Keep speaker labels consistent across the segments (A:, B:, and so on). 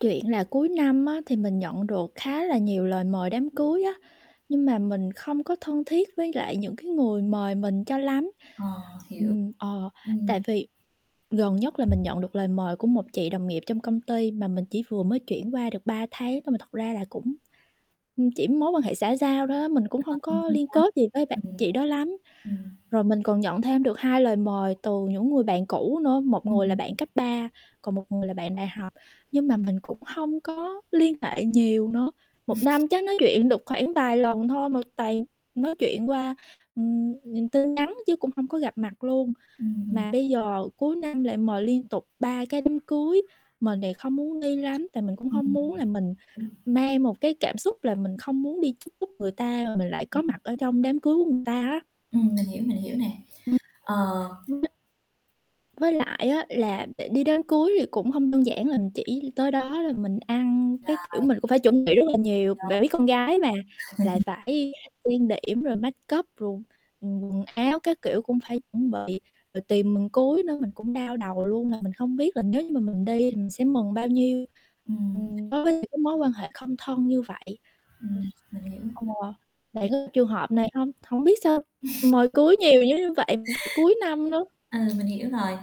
A: Chuyện là cuối năm á thì mình nhận được khá là nhiều lời mời đám cưới á, nhưng mà mình không có thân thiết với lại những cái người mời mình cho lắm.
B: Ờ, hiểu,
A: Ừm, ờ, tại
B: ừm.
A: vì gần nhất là mình nhận được lời mời của một chị đồng nghiệp trong công ty mà mình chỉ vừa mới chuyển qua được 3 tháng thôi mà thật ra là cũng, ưm, chỉ mối quan hệ xã giao đó mình cũng hông có
B: [unintelligible]
A: liên kết gì với bạn
B: Ừm.
A: chị đó lắm.
B: Ừm.
A: Rồi mình còn nhận thêm được 2 lời mời từ những người bạn cũ nữa, một người là
B: Ừm.
A: bạn cấp 3 còn một người là bạn đại học, nhưng mà mình cũng hông có liên hệ nhiều nữa, 1 năm chắc nói chuyện được khoảng vài lần thôi mà toàn nói chuyện qua, ừm, ừm, tin nhắn chứ cũng hông có gặp mặt luôn.
B: Ừm.
A: Mà bây giờ cuối năm lại mời liên tục 3 cái đám cưới, mình thì không muốn đi lắm tại mình cũng
B: Ừm.
A: hông
B: Ừm.
A: muốn là mình mang một cái cảm xúc là mình không muốn đi chúc phúc người ta mình lại có
B: Ừm.
A: mặt ở trong đám cưới của người ta á.
B: Ừm, mình hiểu, mình hiểu nè,
A: Ừm.
B: ờ.
A: [unintelligible] Với lại á là để đi đám cưới thì cũng hông đơn giản là mình chỉ tới đó là mình ăn, cái, kiểu,
B: Rồi.
A: mình cũng phải chuẩn bị rất là nhiều, bạn biết con gái
B: [unintelligible]
A: mà lại phải trang điểm rồi make up rồi, ừm, quần áo các kiểu cũng phải chuẩn bị. Rồi tiền mừng cưới nữa mình cũng đau đầu luôn là mình không biết là nếu như mà mình đi thì mình sẽ mừng bao nhiêu,
B: Ừm.
A: ừm, đối với những cái mối quan hệ không thân như vậy.
B: Ừm, mình
A: [unintelligible]
B: hiểu.
A: Ừ, bạn
B: Ừm.
A: có trường hợp này hông? Hổng biết sao mời cưới nhiều như vậy cuối năm nữa.
B: Ừ, mình hiểu rồi.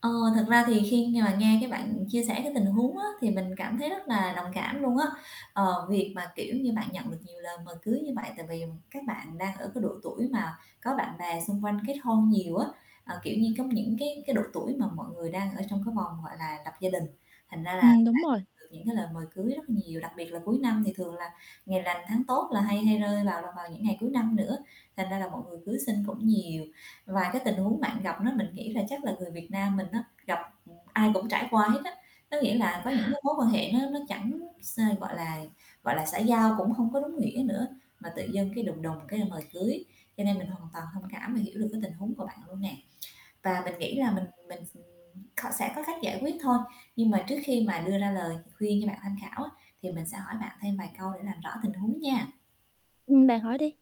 B: Ờ, thật ra thì khi mà nghe cái bạn chia sẻ cái tình huống á thì mình cảm thấy rất là đồng cảm luôn á. Ờ, việc mà, kiểu như, bạn nhận được nhiều lời mời cưới như vậy tại vì các bạn đang ở cái độ tuổi mà có bạn bè xung quanh kết hôn nhiều á, ờ, kiểu như, có những cái cái độ tuổi mà mọi người đang ở trong cái vòng, gọi là, lập gia đình, thành ra là bạn
A: Ừm, đúng rồi.
B: được những cái lời mời cưới rất là nhiều, đặc biệt là cuối năm thì thường là ngày lành tháng tốt là hay hay rơi vào là vào những ngày cuối năm nữa, thành ra là mọi người cưới xin cũng nhiều. Và cái tình huống bạn gặp đó mình nghĩ là chắc là người Việt Nam mình á gặp ưm, ai cũng trải qua hết á, có nghĩa là có những mối mối quan hệ nó nó chẳng x gọi là, gọi là, xã giao cũng hông có đúng nghĩa nữa mà tự dưng cái đùng đùng cái mời cưới, cho nên mình hoàn toàn thông cảm và hiểu được cái tình huống của bạn luôn nè. Và mình nghĩ là mình mình, ừm, kh sẽ có cách giải quyết thôi, nhưng mà trước khi mà đưa ra lời khuyên cho bạn tham khảo á thì mình sẽ hỏi bạn thêm vài câu để làm rõ tình huống nha.
A: Ừm, bạn hỏi đi.